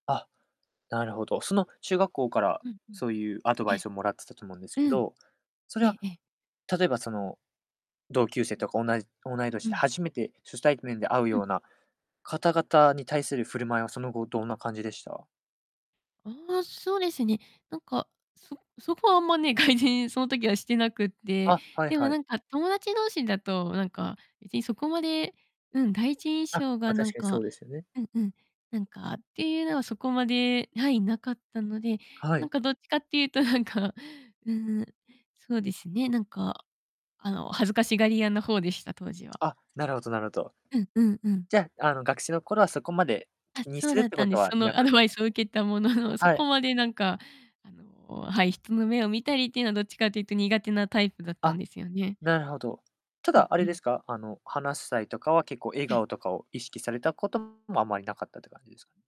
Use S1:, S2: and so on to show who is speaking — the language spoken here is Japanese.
S1: あ、なるほど。その、中学校から、
S2: うんうん。
S1: そうゆうアド
S2: え
S1: バイ
S2: え。
S1: スをもらってたと思うんですけ
S2: うん。
S1: ど、それ
S2: え
S1: は、
S2: えええ。
S1: 例えば、その、同級生
S2: うん。
S1: とか、おないおない年
S2: う
S1: で、
S2: ん。
S1: 初めて初対面で会う
S2: うん。
S1: ような方々に対する振る舞いは、その後どんな感じでした？
S2: ああ、そうですね、なんか、そそこはあんまね、がいじんその時はしてなくって、
S1: あ、はい
S2: でも
S1: は
S2: な
S1: い。
S2: んか友達同士だと、なんか別にそこまで、うん、第一印
S1: あ、
S2: 象が
S1: ま、
S2: なん
S1: 確かに
S2: か
S1: そうですよね。
S2: うんうん、なんかっていうのはそこまではい、なかったので、
S1: は
S2: なん
S1: い。
S2: かどっちかっていうとなんか、うーん、そうですね、なんか、あの、恥ずかしがり屋の方でした、当時は。
S1: あ、なるほどなるほど。
S2: うんうんうん。
S1: じゃ、あの、学生の頃はそこまで
S2: あ、
S1: 気に
S2: そう
S1: するっ
S2: だっ
S1: て
S2: た
S1: こ
S2: ん
S1: と
S2: です。
S1: は
S2: そ
S1: な
S2: のア
S1: かっ
S2: ド
S1: た
S2: バイスを受けたものの、そ
S1: は
S2: こ
S1: い。
S2: までなんか、あの、はい、人の目を見たりっていうの、どっちかというと苦手なタイプだったん
S1: あ、
S2: ですよね。
S1: なるほど。た
S2: う
S1: だ、
S2: ん
S1: あ
S2: う
S1: れで
S2: ん。
S1: すか？あの、話す際とかは結構笑
S2: ええ。
S1: 顔とかを意識されたこともあまりなかったって感じす